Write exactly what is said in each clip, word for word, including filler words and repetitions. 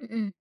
Mhm.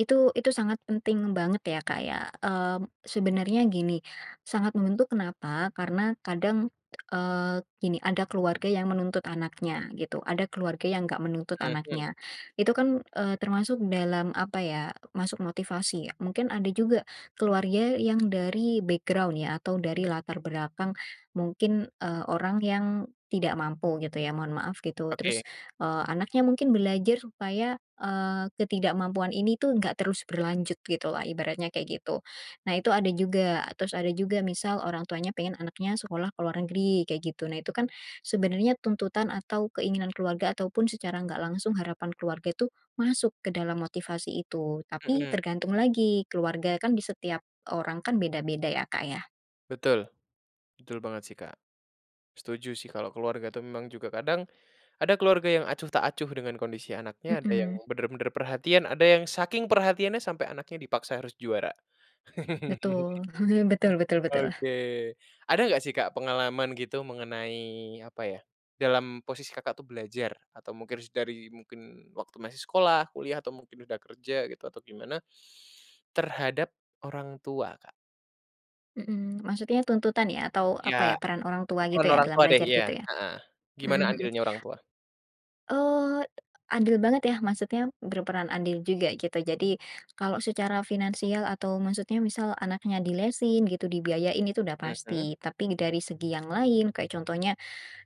Itu itu sangat penting banget ya, Kak, ya. Mmm, sebenarnya gini, sangat membentuk, kenapa? Karena kadang, eee, gini, ada keluarga yang menuntut anaknya gitu, ada keluarga yang nggak menuntut Mhm. anaknya. Itu kan, eee, termasuk dalam apa ya, masuk motivasi ya. Mungkin ada juga keluarya yang dari background, ya atau dari latar berakang mungkin, eee, orang yang tidak mampu gitu ya, mohon maaf, gitu. Oke. Terus, eee, anaknya mungkin belajar supaya, eee, ketidakmampuan ini, tuh, nggak terus berlanjut, gitulah, ibaratnya, kayak gitu. Nah, itu ada juga. Terus ada juga misal orang tuanya pengen anaknya sekolah ke luar negeri, kayak gitu. Nah, itu, kan, sebenarnya tuntutan atau keinginan keluarga, ataupun secara nggak langsung harapan keluarga itu masuk ke dalam motivasi itu, tapi Mmm. tergantung lagi, keluarga kan di setiap orang kan, beda-beda ya, Kak, ya. Betul, betul banget, sih, Kak. Setuju, sih, kalau keluarga, tuh, memang juga kadang ada keluarga yang acuh tak acuh dengan kondisi anaknya, ada yang Mhm. benar-benar perhatian, ada yang saking perhatiannya sampai anaknya dipaksa harus juara. Betul. Betul betul betul. Oke. Ada nggak sih, Kak, pengalaman gitu mengenai apa ya, dalam posisi Kakak, tuh, belajar atau mungkin s dari mungkin waktu masih sekolah, kuliah, atau mungkin udah kerja gitu, atau gimana, terhadap orang tua, Kak? Mhm. Maksudnya tuntutan, ya? Atau apa ya, Ya. peran orang tua Peran gitu, ya, orang dalam tua, deh. belajar Iya, gitu ya? heeh. Mhm Gimana mhm. andilnya orang tua? Eee, andil banget ya, maksudnya berperan andil juga gitu. Jadi kalau secara finansial atau maksudnya misal anaknya dilesin gitu, dibiayain itu udah Mhm. pasti. Tapi dari segi yang lain, kayak contohnya,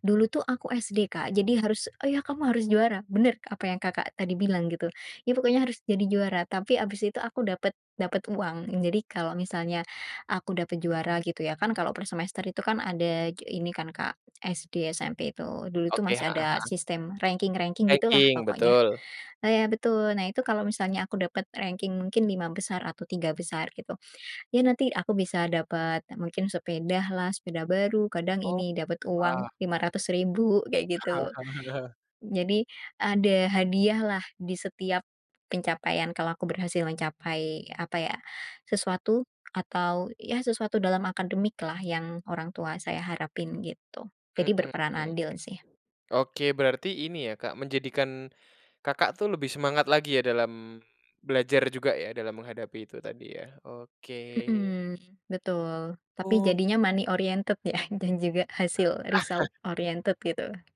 dulu tuh aku SD, Kak, jadi harus, "Oh, ya, kamu harus juara!" Benar apa yang Kakak tadi bilang, gitu. Ya, pokoknya harus jadi juara, tapi habis itu aku dapet dapet uang. Jadi kalau misalnya aku dapet juara, gitu ya, kan, kalau per semester itu kan, ada j ini kan, Kak, SD, SMP, itu. Dulu itu Oke, masih heeh ada heeh. sistem ranking-ranking gitu, lah, Ranking, pokoknya. betul. Nah, ya betul. Nah, itu kalau misalnya aku dapat ranking mungkin lima besar atau tiga besar gitu ya, nanti aku bisa dapat mungkin sepeda lah, sepeda baru, kadang Oh, ini, dapat wah. uang lima ratus ribu kayak gitu. Jadi ada hadiahlah, di setiap pencapaian kalau aku berhasil mencapai apa ya, sesuatu atau, ya sesuatu dalam akademiklah, yang orang tua saya harapin, gitu. Mhm Jadi berperan mhm. andil sih. Oke. Berarti ini, ya Kak, menjadikan Kakak, tuh, lebih semangat lagi, ya, dalam belajar juga, ya, dalam menghadapi itu tadi, ya, oke. Mmm, betul. Tapi Oh, iya sih. jadinya money oriented, ya, dan juga hasil result oriented, gitu.